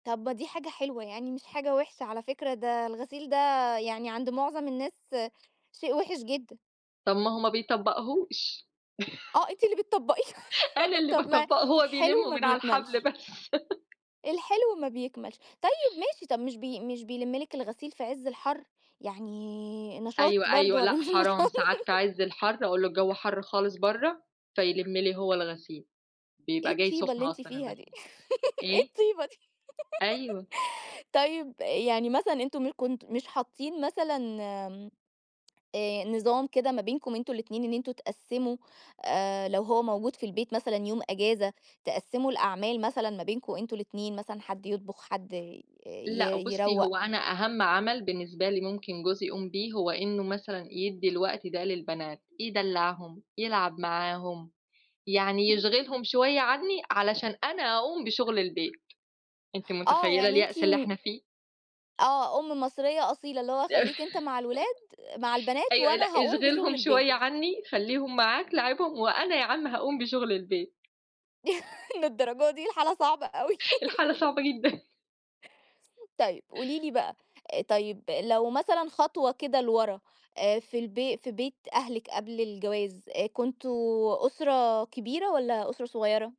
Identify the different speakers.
Speaker 1: طب دي حاجة حلوة، يعني مش حاجة وحشة على فكرة، ده الغسيل ده يعني عند معظم الناس، شيء وحش جدًا.
Speaker 2: طب ما هو ما بيطبّقهوش؟
Speaker 1: آه أنتِ اللي بتطبقيه!
Speaker 2: أنا اللي
Speaker 1: طب ما
Speaker 2: باطبّقه، هو
Speaker 1: الحلو
Speaker 2: بيلمّه
Speaker 1: ما
Speaker 2: من على الحبل
Speaker 1: بيكملش.
Speaker 2: بس.
Speaker 1: الحلو ما بيكملش، طيّب ماشي طب مش بي مش بيلِم لِك الغسيل في عز الحر، يعني نشاط
Speaker 2: أيوه،
Speaker 1: برضو
Speaker 2: أيوه، لأ
Speaker 1: والّا مش
Speaker 2: حرام،
Speaker 1: نشاط؟
Speaker 2: ساعات في عز الحر، أقول له: "الجو حر خالص برّه" فيَلِم لي هو الغسيل،
Speaker 1: إيه
Speaker 2: بيبقى جاي
Speaker 1: الطيبة
Speaker 2: سخن
Speaker 1: اللي أنتِ
Speaker 2: أصلًا
Speaker 1: فيها دي؟
Speaker 2: الغسيل،
Speaker 1: إيه
Speaker 2: إيه؟
Speaker 1: الطيبة دي؟
Speaker 2: أيوه.
Speaker 1: طيب يعني مثلًا أنتم م كنتم مش حاطين مثلًا آمم، آآ، نظام كده ما بينكم أنتم الاتنين، إن أنتم تقسّموا آآ، لو هو موجود في البيت مثلًا يوم أجازة، تقسّموا الأعمال مثلًا ما بينكم أنتم الاتنين مثلًا، حد يطبخ حد ي
Speaker 2: لأ بُصّي
Speaker 1: يروّق؟
Speaker 2: هو أنا أهم عمل بالنسبة لي ممكن جوزي يقوم بيه، هو إنّه مثلًا يدّي الوقت ده للبنات، يدلّعهم، يلعب معاهم، يعني
Speaker 1: امم.
Speaker 2: يشْغِلهم شويّة عنّي علشان أنا أقوم بشغل البيت، أنتِ
Speaker 1: آه
Speaker 2: متخيّلة
Speaker 1: يعني أنتِ
Speaker 2: اليأس اللي
Speaker 1: م
Speaker 2: إحنا فيه؟
Speaker 1: آه أم مصرية أصيلة، اللي هو خلّيك أنت مع الولاد مع البنات،
Speaker 2: أيوه لأ،
Speaker 1: وأنا هاقوم بشغل
Speaker 2: اشْغِلهُم شويّة
Speaker 1: البيت.
Speaker 2: عنّي، خلّيهم معاك لاعبهم، وأنا يا عم هاقوم بشغل البيت.
Speaker 1: للدرجة دي الحالة صعبة أوى؟
Speaker 2: الحالة صعبة جدًا.
Speaker 1: طيب، قولي لي بقى، طيب لو مثلًا خطوة كده لورا، آآ في البي في بيت أهلِك قبل الجواز، كنتم أسرة كبيرة، والّا أسرة صغيّرة؟